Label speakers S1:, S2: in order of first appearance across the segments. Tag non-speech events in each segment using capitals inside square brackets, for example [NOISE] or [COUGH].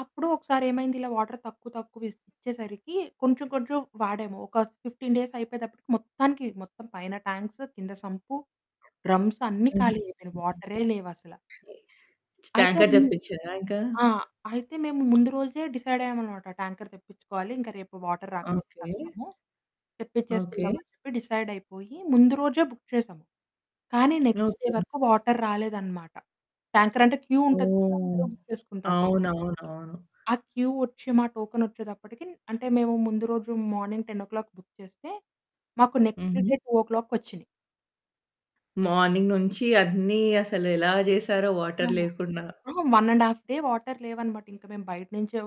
S1: అప్పుడు ఒకసారేమైంది ఇలా వాటర్ తక్కువ, తక్కువ ఇచ్ ఇచ్చేసరికి కొంచెం కొంచెం వాడాము. ఒక 15 డేస్ అయిపోయేతప్పటికి మొత్తానికి మొత్తం పైన టాంక్సు, కింద సంపు, డ్రమ్స్
S2: [UNINTELLIGIBLE]
S1: అన్నీ
S2: హుహు.
S1: ఖాళీ అయిపోయినాయి. వాటరే లేవసలా! అయితే
S2: ట్యాంకర్
S1: ము
S2: తెప్పించారా ఇంకా?
S1: ఆ! అయితే మేము ముందు రోజే డిసైడయ్యామనమాట, ట్యాంకర్ తెప్పించుకోవాలి. ఇంక రేపు వాటర్ రాకపోతే
S2: ఓకే.
S1: కష్టము.
S2: ఓకే.
S1: తెప్పిచ్చేసుకుందామని చెప్పి డిసైడైపోయి ముందు రోజే బుక్ చేసాము. కానీ నెక్స్ట్ డే
S2: ఓకే.
S1: వరకు వాటర్ రాలేదనమాట. ట్యాంకర్ అంటే క్యూ ఉంటది కదా!
S2: ఓహ్!
S1: అందరూ బుక్ చేసుకుంటారు కదా!
S2: అవునవునవును.
S1: ఆ క్యూ వచ్చి మా టోకెన్ వచ్చేదప్పటికి అంటే మేము ముందు రోజు మార్నింగ్ 10 బుక్ చేస్తే మాకు నెక్స్ట్ డే
S2: హుహు.
S1: 2 వచ్చినాయి.
S2: మార్నింగ్ నుంచి అన్నీ అసలెలా చేశారో
S1: ఆ!
S2: వాటర్ లేకుండా.
S1: అహా! 1 ½ డే వాటర్ లేవనమాట. ఇంక మేము బయట నుంచే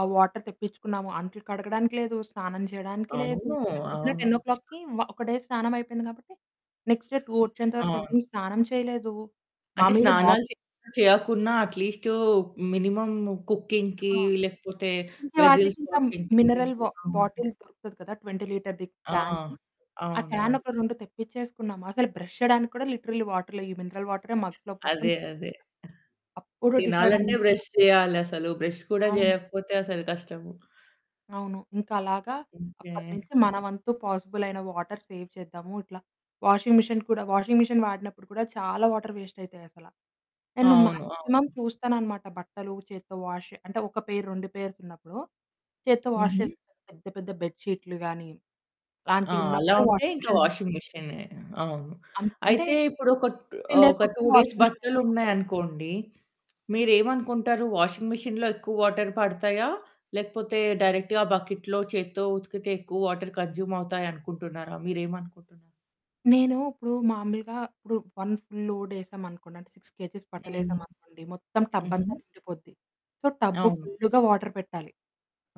S1: ఆ వాటర్ తెప్పించుకున్నాము. అట్లు కడగడానికి లేదు స్నానం చేయడానికి లేదు,
S2: అవును.
S1: అంటే పొద్దున
S2: అవును.
S1: 10 ఒ ఒక డే స్నానం అయిపోయింది కాబట్టి. నెక్స్ట్ డే 2 వచ్చేంత వరకు
S2: అవును.
S1: ఎవరు స్నానం చేయలేదు.
S2: అంటే
S1: మాాములుగా వా
S2: స్నానాలు చే చేయకున్నా అట్లీస్టు మినిమమ్ కుకింగ్‌కి
S1: ఆ!
S2: లేకపోతే
S1: ఇంకే వాటికి
S2: వెజెల్స్
S1: ఇంకా
S2: వాషింగ్‌కి
S1: మినరల్ వా
S2: అవును.
S1: బాటిల్ దొరుకుతది కదా! 20 లీటర్‌ది
S2: ఆ!
S1: క్యాను ఆ
S2: అవునవును.
S1: క్యానొక 2 తెప్పించేసుకున్నాాము. అసలు బ్రష్ చేయడానికి కూడా లిటరల్లీ వాటర్ లేదు. ఈ మినరల్ వాటరే మగ్స్‌లో పోసుకొని
S2: అదే,
S1: బ్రష్
S2: అదే.
S1: చేాసాం అప్పుడు
S2: తినాలంటే
S1: డిసైడయ్యము.
S2: బ్రష్ చేయాలసలు. బ్రష్ కూడా
S1: అవును.
S2: చేయకపోతే అసలు కష్టము.
S1: అవును. ఇంకలాగా అప్పటి
S2: ఓకే.
S1: నుంచి మన వంతు పాజిబుల్ అయిన వాటర్ సేవ్ చేద్దాము. ఇట్లా వాషింగ్ మెషీన్ కూడా వాషింగ్ మిషన్ వాడినప్పుడు కూడా చాలా వాటర్ వేస్ట్ అయితాయసల. నేను
S2: అవును.
S1: మాక్సిమం
S2: అవును.
S1: చూస్తాననమాట. బట్టలు చేత్తో వాష్ అంటే ఒక పెయిర్, 2 పెయిర్సున్నప్పుడు. చేత్తో వాష్
S2: హుహు.
S1: చేస్త, పెద్ద పెద్ద బెడ్‌షీట్లు గానీ,
S2: ఆ! అలా
S1: అలాంటివున్నప్పుడే
S2: ఉంటే
S1: వాషింగ్
S2: ఇంకా
S1: మెషీన్‌లో వేస్తాము.
S2: వాషింగ్ మిషినే. అవును.
S1: అన్ అంటే
S2: అయితే ఇప్పుడు ఒక
S1: 15
S2: ఆహ్,
S1: డేస్
S2: ఒక 2
S1: ఒకసారి
S2: డేస్
S1: వాషింగ్ మిషన్‌లో వేస్తామండి.
S2: బట్టలున్నాయనుకోండి మీరేమనుకుంటారు? వాషింగ్ మిషిన్‌లో ఎక్కువ వాటర్ పడతాయా? లేకపోతే డైరెక్ట్‌గా బకెట్‌లో చేత్తో ఉతికితే ఎక్కువ వాటర్ కన్జ్యూమ్ అవుతాయనుకుంటున్నారా? మీరేమనుకుంటున్నారు?
S1: నేను ఇప్పుడు మామూలుగా ఇప్పుడు 1 ఫుల్ లోడ్ ఏసామనుకోండి. అంటే 6 కేజెస్
S2: హుహు.
S1: బట్టలేసామనుకోండి. మొత్తం
S2: హుహు.
S1: టబ్బంతా నిండిపోద్ది. సో, టబ్బు
S2: అవును.
S1: ఫుల్లుగా వాటర్ పెట్టాలి,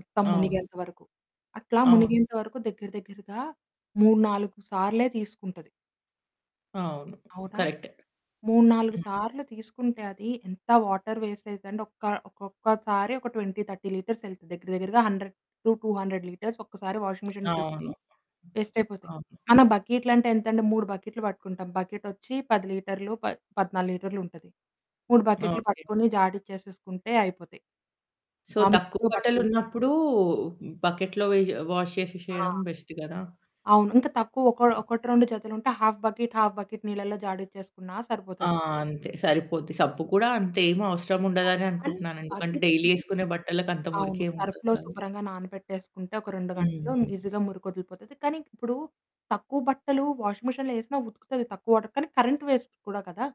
S1: మొత్తం
S2: అవును.
S1: మునిగేంత వరకు. అట్లా
S2: అవును.
S1: మునిగేంత వరకు దగ్గర దగ్గరగా 3, 4 సార్లే తీసుకుంటది.
S2: అవును.
S1: అవునా?
S2: కరెక్టే.
S1: 3, 4
S2: హ్మ్.
S1: సార్లు తీసుకుంటే అది, ఎంత వాటర్ వేస్ట్ అయద్దంటే ఒక్క ఒక్కొక్కసారి ఒక 20, 30 లీటర్స్ ఎళ్తది దగ్గర దగ్గరగా 100-200 లీటర్స్ ఒక్కసారి వాషింగ్ మిషన్ ట్రిప్‌కి
S2: అవును.
S1: వేస్ట్ అయిపోతాయి.
S2: అవును.
S1: మన బకెట్‌లంటే ఎంతంటే 3 బకెట్లు పట్టుకుంటాం. బకెటొచ్చి 10 లీటర్లు పద్ పదనాలుగు లీటర్లుంటది. 3 బకెట్లు
S2: ఓకే.
S1: పట్టుకొని జాడచ్చేసేసుకుంటే అయిపోతాయి.
S2: సో,
S1: మాములుగా
S2: తక్కువ
S1: ఇంట్లో బట్టలు
S2: బట్టలున్నప్పుడు బకెట్‌లో వే వాష్
S1: ఆ!
S2: చేషెసేయడం బెస్ట్ కదా!
S1: అవును. ఇంకా తక్కువ ఒక
S2: [UNINTELLIGIBLE]
S1: ఒకటి రెండు జతులుంటే హాఫ్ బకెట్, హాఫ్ బకెట్ నీళ్ళల్లో జాడచ్చేసుకున్నా
S2: ఆ!
S1: సరిపోతది.
S2: అంతే సరిపోద్ది. సబ్బు కూడా అంతేమి అవసరం ఉండదని
S1: అండ్
S2: అనుకుంటున్నాను. ఎందుకంటే డైలీ
S1: బకెటంటే
S2: ఎసుకునే బట్టలకంత
S1: అవును.
S2: మురికేముండదు
S1: సర్ఫులో
S2: కదా!
S1: శుభ్రంగా నానబెట్టేసుకుంటే ఒక 2 గంటలు,
S2: హుహు.
S1: ఈజీగా మురికొదిలిపోతది. కానీ ఇప్పుడు తక్కువ బట్టలు వాషింగ్ మిషిన్‌లో ఏసినా ఉతుకుతది, తక్కువ వాటర్ కానీ, కరెంట్ వేస్ట్ కూడా కదా!